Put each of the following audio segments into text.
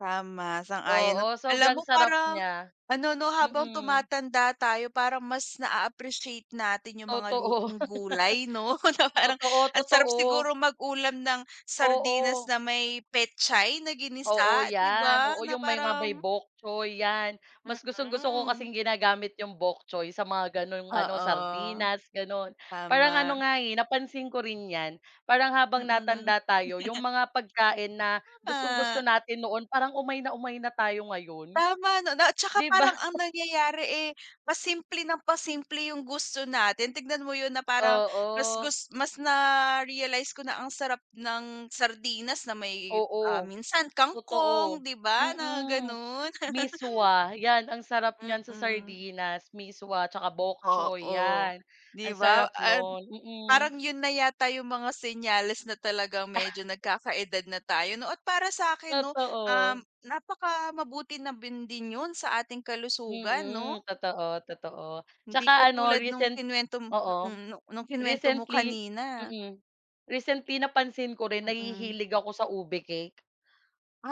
Tama, sang-ayon no, Oo alam sobrang mo sarap parang niya, ano no habang mm. tumatanda tayo parang mas na-a-appreciate natin 'yung mga Totoo. lutong gulay no, kumbaga parang Totoo, ang sarap totoo. siguro mag-ulam ng sardinas Oo. na may petchay na Oo ginisa di yan, ba, oo na ,yung may nga may parang bok choy yan, mas gustong-gusto ko Mm. kasing ginagamit yung bok choy sa mga ganung ano, Oo. sardinas ganun. Parang Tama. ano nga eh napansin ko rin yan parang habang Mm. natanda tayo, 'yung mga pagkain na Tama. gustong-gusto natin noon, parang umay na umay na tayo ngayon. Tama no, na at saka 'Di ba? parang ang nangyayari eh pasimple nang pasimple 'yung gusto natin, tignan mo 'yun na parang mas Oo. gus mas na-realize ko na ang sarap ng sardinas na may, ah, Oo, minsan totoo, kangkong, di ba na mm, ganun. miswa 'yan ang sarap niyan sa Mm. sardinas, miswa at saka bok choy Oo, 'yan, di ang ba sarap at no'n, mm. parang 'yun na yata 'yung mga senyales na talagang medyo nagkakaedad na tayo no, at para sa akin 'no, um, Totoo. napaka mabuti na bin din 'yun sa ating kalusugan no? Mm, totoo, totoo, at Hindi saka ano katulad nung recent kinuwento mo oo mm nung kinuwento mo recently kanina. mm, recently napansin ko rin Mm. nahihilig ako sa ube cake.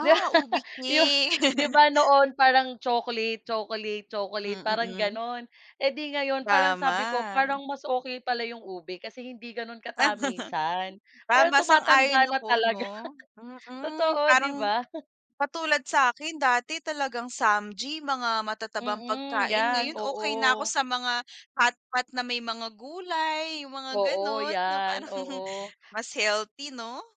'Di ube ba cake. di ba noon parang chocolate, chocolate, Hmm, chocolate, parang mm. ganun eh di ngayon parang sabi ko Tama. parang mas okey pala 'yung ube kasi hindi ganun Ah katamisan, parang Tama sang-ayon tumatanda na ako talaga no, mm, totoo 'di parang ba? katulad sakin dati talagang samgy mga matatabang Mm, pagkain, yan, ngayon okey na ako oo. sa mga hotpot na may mga gulay 'yung mga Oo, ganun, na yan, parang oo. mas healthy no?